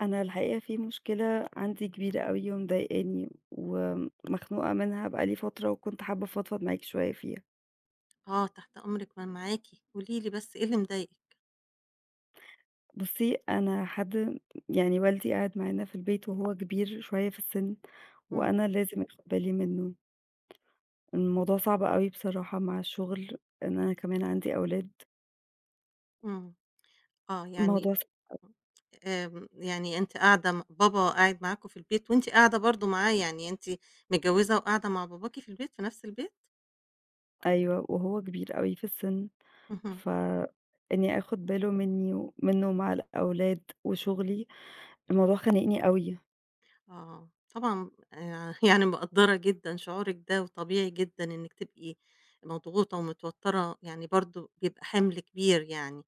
أنا الحقيقة في مشكلة عندي كبيرة أوي ومضايقاني ومخنوقة منها بقى لي فترة وكنت حابّة أفضفض معاكِ شوية فيها. آه تحت أمرِك، ما أنا معاكِ، قولي لي بس إيه اللي مضايقِك؟ بُصّي، أنا حد يعني والدي قاعد معانا في البيت وهو كبير شوية في السِن إمم. وأنا لازم آخُد بالي منّه. الموضوع صعب أوي بصراحة مع الشُغل إن أنا كمان عندي أولاد. إمم. آه، يعني الموضوع ص [unintelligible] آمم، يعني أنتِ قاعدة م بابا قاعد معاكم في البيت وأنتِ قاعدة برضه معاه، يعني أنتِ متجوِّزة وقاعدة مع باباكِ في البيت، في نَفْس البيت؟ أيوه، وهو كبير أوي في السِن، اهم. فإنّي آخُد باله منّي منّه ومع الأولاد وشُغلي، الموضوع خانقني أوي. آه، طبعًا آآ يعني مقدّرة جدًا شعورِك ده وطبيعي جدًا إنِّك تبقي مضغوطة ومتوتَّرة، يعني برضه بيبقى حِمْل كبير يعني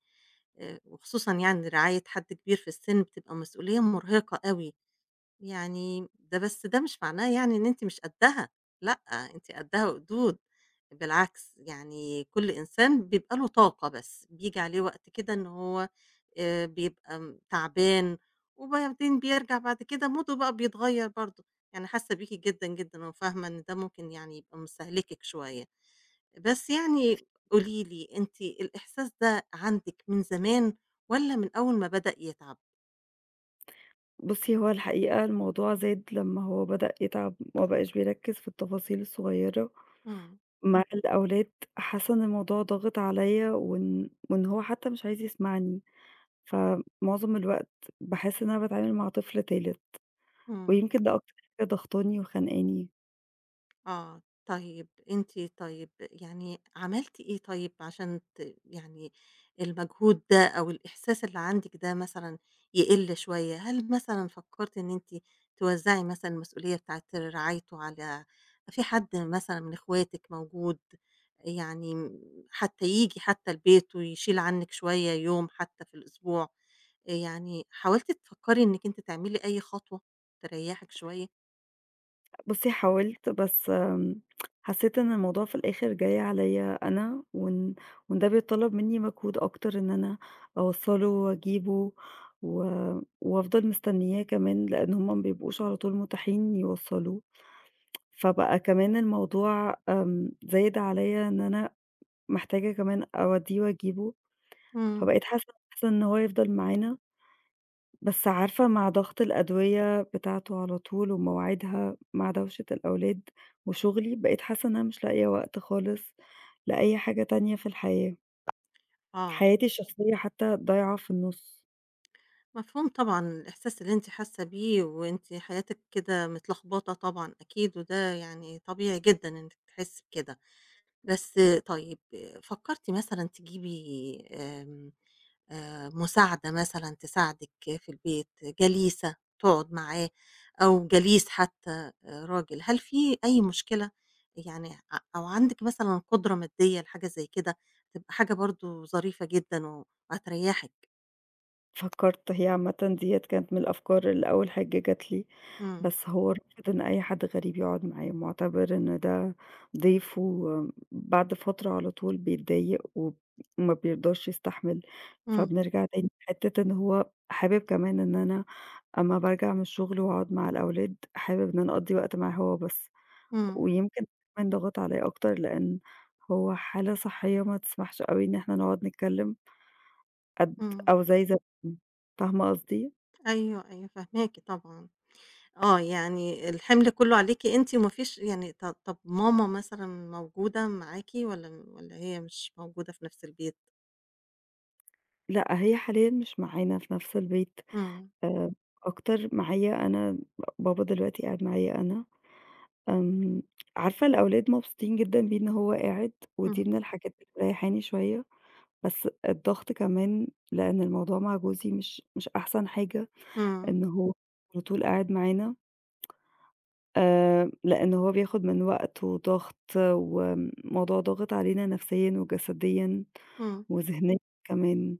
آآ وخصوصًا يعني رعاية حد كبير في السِن بتبقى مسؤوليّة مُرهقة أوي. يعني ده بس ده مش معناه يعني إن أنتِ مش قدَّها لأ، أنتِ قدَّها وقدود بالعكس، يعني كل إنسان بيبقى له طاقة بس بييجي عليه وقت كده إن هو آآ بيبقى تعبان وبعدين بيرجع بعد كده موده بقى بيتغيّر برضه. أنا حاسّة بيكِ جدًا، جدًا وفاهمة إن ده ممكن يعني يبقى مستهلكِك شوية. بس يعني قولي لي أنتِ الإحساس ده عندِك من زمان والّا من أول ما بدأ يتعَب؟ بُصّي، هو الحقيقة الموضوع زاد لمّا هو بدأ يتعَب وما بقاش بيركِّز في التفاصيل الصغيّرة إمم. مع الأولاد حاسّة إن الموضوع ضاغِط عليّا وإن وإن هو حتّى مش عايز يسمعني. فمعظم الوقت باحس إن أنا باتعامل مع طفل تالت إمم. ويمكن ده أكتر حاجة ضغطاني وخنقاني. آه، طيب أنتِ طيب يعني عملتِ إيه طيب عشان ت يعني المجهود ده أو الإحساس اللي عندِك ده مثلًا يقِل شوية، هل مثلًا فكَّرتِ إن أنتِ توزَّعي مثلًا المسئولية بتاعة رعايته على في حد مثلًا من إخواتِك موجود؟ آآ يعني م حتّى ييجي حتّى البيت ويشيل عنِّك شوية يوم حتّى في الأسبوع، آآ يعني حاولتِ تفكَّري إنِّك أنتِ تعملي أي خطوة تريَّحِك شوية؟ بُصّي حاولت، بس م حسّيت إن الموضوع في الآخِر جاي عليّا أنا وإن وإن ده بيتطلَّب منّي مجهود أكتر إن أنا أوصَّله وأجيبه و وأفضل مستنّياه كمان لإن هم ما بيبقوش على طول مُتاحين يوصّلوه، فبقى كمان الموضوع آمم زايد عليّا إن أنا محتاجة كمان أودّيه وأجيبه، إمم. فبقيت حاسّة أحسن إن هو يفضل معانا. بس عارفة مع ضغط الأدوية بتاعته على طول ومواعيدها مع دَوشة الأولاد وشُغلي، بقيت حاسّة إن أنا مش لاقية وقت خالص لأي حاجة تانية في الحياة، آه. حياتي الشخصيّة حتّى ضايعة في النُص. مفهوم طبعًا، الإحساس اللي أنتِ حاسّة بيه وأنتِ حياتِك كده متلخبطة طبعًا أكيد، وده يعني طبيعي جدًا إنِّك تحسّي بكده، بس طيب فكّرتِ مثلًا تجيبي آمم آآ مساعدة مثلًا تساعدِك في البيت، جليسة تقعُد معاه أو جليس حتّى آآ راجل؟ هل في أي مشكلة؟ يعني ع أو عندِك مثلًا قُدرة مادّية لحاجة زي كده، تبقى حاجة برضه ظريفة جدًا وهتريّحِك؟ فكّرت، هي عامةً ديّة كانت من الأفكار اللي أول حاجة جات لي، إمم. بس هو رافض إن أي حد غريب يقعُد معاه، مُعتبِر إن ده ضيف، وم بعد فترة على طول بيتضايق وب وما بيرضاش يستحمل، إمم. فبنرجع تاني لحتّة إن هو حابب كمان إن أنا أمّا بارجع من الشُغل وأقعُد مع الأولاد، حابب إن أنا أقضّي وقت معاه هو بس، إمم. ويمكن كمان ضَغَط عليّا أكتر لإن هو حالة صحيّة ما تسمحش أوي إن إحنا نقعُد نتكلِّم. قد إمم. أو زي زمان، فاهمة قصدي؟ أيوه، أيوه فاهماكِ طبعًا. آه، يعني الحِمْل كُلّه عليكِ أنتِ وما فيش يعني ط طَب ماما مثلًا موجودة معاكِ والّا م والّا هي مش موجودة في نَفْس البيت؟ لأ، هي حاليًا مش معانا في نَفْس البيت، إمم. آآ أكتر معايا أنا، بابا دلوقتي قاعد معايا أنا. آمم عارفة الأولاد مبسوطين جدًا بيه إن هو قاعد ودي إمم. من الحاجات اللي مريَّحاني شوية، بس الضغط كمان لإن الموضوع مع جوزي مش مش أحسن حاجة إمم. إن هو على طول قاعد معانا. آآ لإن هو بياخُد من وقت وضَغْط وم الموضوع ضاغط علينا نَفْسيًا وجسديًا إمم. وذِهنيًا كمان،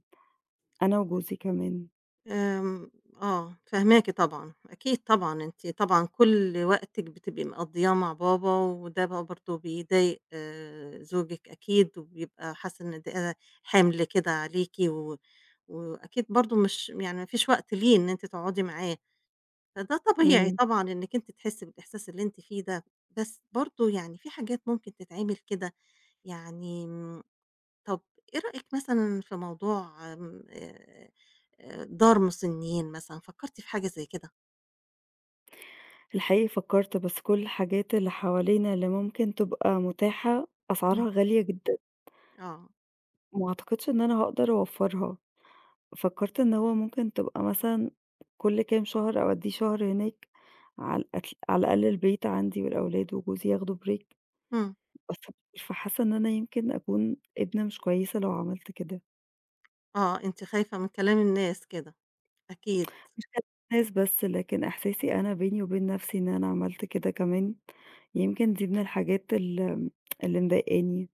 أنا وجوزي كمان. آمم آه، فاهماكِ طبعًا، أكيد طبعًا، أنتِ طبعًا كُل وقتِك بتبقي مقضّياه مع بابا وده بقى برضه بيضايق زوجِك أكيد وبيبقى حاسس إن ده حِمْل كده عليكِ و وأكيد برضه مش يعني ما فيش وقت ليه إن أنتِ تقعُدي معاه، فده طبيعي إمم. طبعًا إنِّك أنتِ تحسّي بالإحساس اللي أنتِ فيه ده. بس برضه يعني في حاجات ممكن تتعمل كده، يعني م طَب إيه رأيِك مثلًا في موضوع آآ آآ دار مُسنّين مثلًا، فكّرتِ في حاجة زي كده؟ الحقيقة فكَّرت، بس كل الحاجات اللي حوالينا اللي ممكن تبقى مُتاحة، إمم. أسعارها غالية جدًا. آه. وما أعتقدش إن أنا هاقدر أوفَّرها. فكَّرت إن هو ممكن تبقى مثلًا كل كام شهر أودّيه شهر هناك، على أك على الأقل البيت عندي والأولاد وجوزي ياخدوا break إمم. [unintelligible] فحاسّة إن أنا يمكن أكون ابنة مش كويسة لو عملت كده. آه، أنتِ خايفة من كلام الناس كده، أكيد. مش من الناس بس، لكن إحساسي أنا بيني وبين نَفْسي إن أنا عملت كده كمان، يمكن دي من الحاجات الم اللي مضايقاني.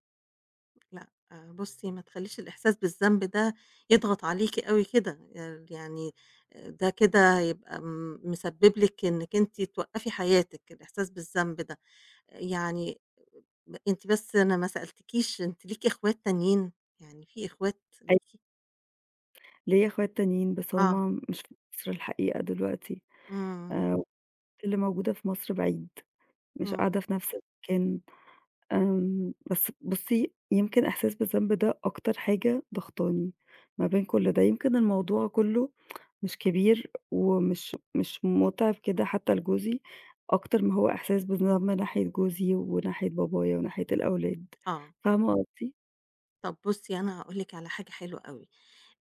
لأ، بُصّي ما تخلّيش الإحساس بالذنب ده يضغط عليكِ أوي كده، آآ يعني آآ ده كده هيبقى م مسبِّب لِك إنِّك أنتِ توقَّفي حياتِك الإحساس بالذنب ده. آآ يعني لأ، أنتِ بس أنا ما سألتكيش، أنتِ ليكِ إخوات تانيين؟ يعني في إخوات أي ليكِ؟ ليّا إخوات تانيين، بس آه. هم مش في مصر الحقيقة دلوقتي، إمم. آآ اللي موجودة في مصر بعيد، مش إمم. قاعدة في نَفْس المكان. آمم بس بُصّي، يمكن إحساس بالذنب ده أكتر حاجة ضاغطاني ما بين كل ده يمكن الموضوع كُلّه مش كبير ومش مش مُتعِب كده حتّى لجوزي، أكتر ما هو إحساس بالذنب من ناحية جوزي وناحية بابايا وناحية الأولاد، آه. فاهمة قصدي؟ طَب بُصّي، أنا هاقول لِك على حاجة حلوة أوي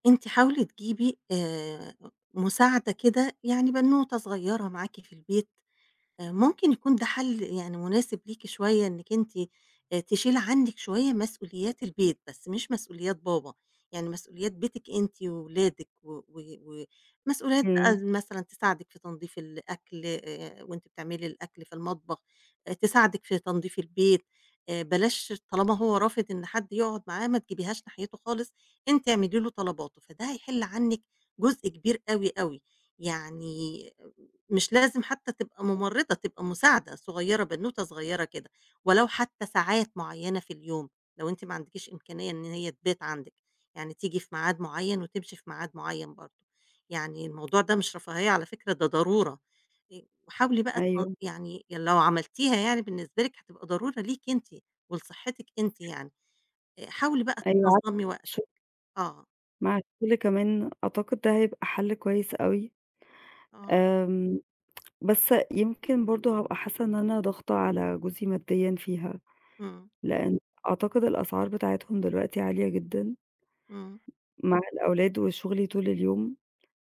أنتِ حاولي تجيبي، آآ، مساعدة كده، يعني بنوتة صغيّرة معاكِ في البيت آآ، ممكن يكون ده حَل، يعني مناسب ليكِ شوية أنِك أنتِ، آآ، تشيلي عنِك شوية مسؤوليات البيت، بس مش مسؤوليات بابا، يعني مسؤوليات بيتِك أنتِ وولادِك، و و ومسؤوليات بقى إمم. مثلًا تساعدِك في تنضيف الأكل، آآ، وأنتِ بتعملي الأكل في المطبخ، آآ، تساعدِك في تنظيف البيت. آآ، بلاش، طالما هو رافض، إن حد يقعد معاه ما تجبيهاش ناحيته خالص، أنتِ اعملي له طلباته، فده هيحل عنِك جزء كبير أوي أوي، يعني مش لازم حتى تبقى [unintelligible] مُمرضة، تبقى مساعدة صغيّرة، بنوتة صغيّرة كده، ولو حتّى ساعات معيّنة في اليوم، لو أنتِ ما عندكيش إمكانية إن هي تبات عندِك، يعني تيجي في معاد معيّن وتمشي في معاد معيّن برضه يعني الموضوع ده مش رفاهية على فكرة، ده ضرورة، آآ، وحاولي بقى تل أيوه. يعني لو عملتيها يعني بالنسبة لِك هتبقى ضرورة ليكِ أنتِ ولصحتِك أنتِ [unintelligible] يعني. آآ، حاولي بقى أيوه عارفة، تنظّمي ش وقتِك آه. مع الكل كمان أعتقد ده هيبقى حَل كويس أوي، آه. آمم بس يمكن برضه هابقى حاسّة إن أنا ضاغطة على جوزي مادّيًا فيها، إمم. لإن أعتقد الأسعار بتاعتهم دلوقتي عالية جدًا. إمم. مع الأولاد وشُغلي طول اليوم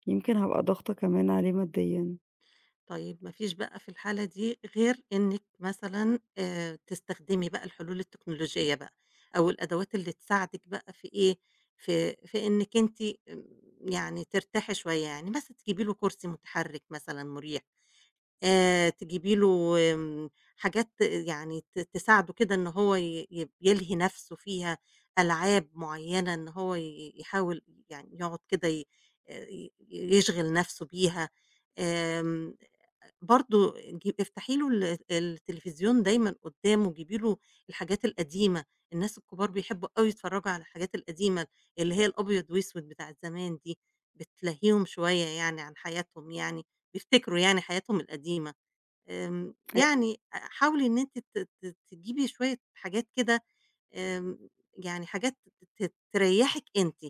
يمكن، هابقى ضاغطة كمان عليه مادّيًا. طيب ما فيش بقى في الحالة دي غير إنِّك مثلًا آآ تستخدمي بقى الحلول التكنولوجية بقى أو الأدوات اللي تساعدِك بقى في إيه، في في إنِّك أنتِ آمم يعني ترتاحي شوية. يعني مثلًا تجيبي له كُرسي مُتحرِّك مثلًا مُريح، آآ تجيبي له وم حاجات يعني ت تساعده كده إن هو ي يب يلهي نَفْسه فيها، ألعاب معيّنة إن هو ي ي يحاول يعني يقعُد كده ي آآ ي يشغِل نَفْسه بيها. آمم آآ برضه آآ جيب افتحي له ال التليفزيون دايمًا قُدّامه، جيبي له الحاجات القديمة، الناس الكُبار بيحبّوا أوي يتفرّجوا على الحاجات القديمة اللي هي الأبيض وأسود بتاعة زمان دي بتلهّيهم شوية يعني عن حياتهم يعني بيفتكروا يعني حياتهم القديمة. آمم أ يعني آآ حاولي إن أنتِ ت ت تجيبي شوية حاجات كده آمم يعني حاجات ت ت ت تريَّحك أنتِ.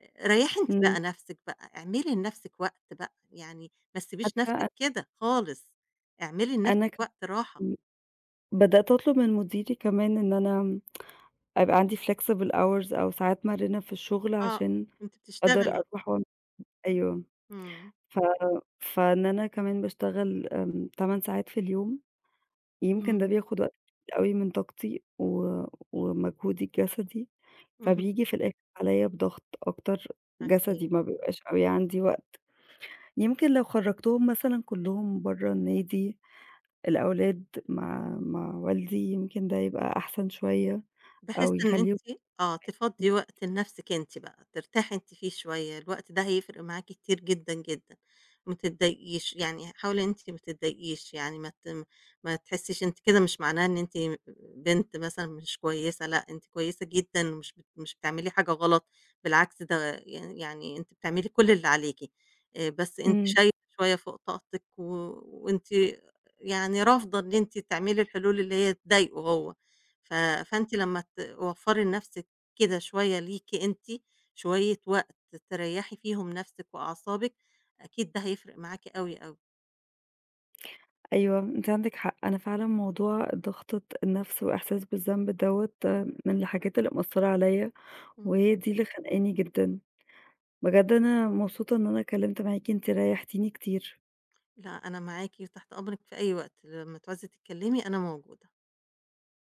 آآ ريّحي أنتِ إمم. بقى نَفْسِك بقى، اعملي لنَفْسِك وقت بقى، يعني ما تسيبيش نَفْسِك [unintelligible] كده خالص، اعملي أنا لنَفْسِك كم وقت راحة. إمم. بدأت أطلُب من مُديري كمان إن أنا أبقى عندي flexible hours أو ساعات مَرِنة في الشُغل آه، عشان وأنتِ أقدر بتشتغلي. أروح وعم أيوه. إمم. ف فإن أنا كمان باشتغل آمم 8 ساعات في اليوم، يمكن ده إمم. بياخُد وقت أوي من طاقتي و ومجهودي الجَسدي، اهم. فبييجي في الآخِر عليّا بضغط أكتر جَسدي أكيد. ما بيبقاش أوي عندي وقت. يمكن لو خرَّجتهم مثلًا كلّهم برّه النادي الأولاد مع مع والدي، يمكن ده يبقى أحسن شوية بحيث أو إن يخلّيهم أنتِ آه، تفضّي [unintelligible] وقت لنَفْسِك أنتِ بقى ترتاحي أنت فيه شوية، الوقت ده هيفرق معاكِ كتير جدًا، جدًا. ما تتضايقيش، يعني ه حاولي إن أنتِ ما تتضايقيش يعني ما تم ما تحسّيش أنتِ كده مش معناها إن أنتِ م آآ بنت مثلًا مش كويسة لأ، أنتِ كويسة جدًا مش بت مش بتعملي حاجة غلط بالعكس، ده يعني يعني أنتِ بتعملي كل اللي عليكِ. آآ بس أنتِ إمم. شايلة شوية فوق طاقتِك و وأنتِ يعني رافضة إن أنتِ تعملي الحلول اللي هي تضايقه هو ف فأنتِ لمّا توفّري لنَفْسِك كده شوية ليكِ أنتِ شوية وقت تريّحي فيهم نَفْسِك وأعصابِك، أكيد ده هيفرق معاكِ أوي، أوي. أيوه، أنتِ عندِك. حق أنا فعلًا موضوع ضغطة النَفْس وإحساس بالذنب دوّة من الحاجات اللي مأثّرة عليّا إمم. وهي دي اللي خانقاني جدًا. بجد أنا مبسوطة إن أنا اتكلِّمت معاكِ، أنتِ ريَّحتيني كتير. لأ، أنا معاكِ وتحت أمرِك في أي وقت، لمّا تعوزي تتكلِّمي أنا موجودة.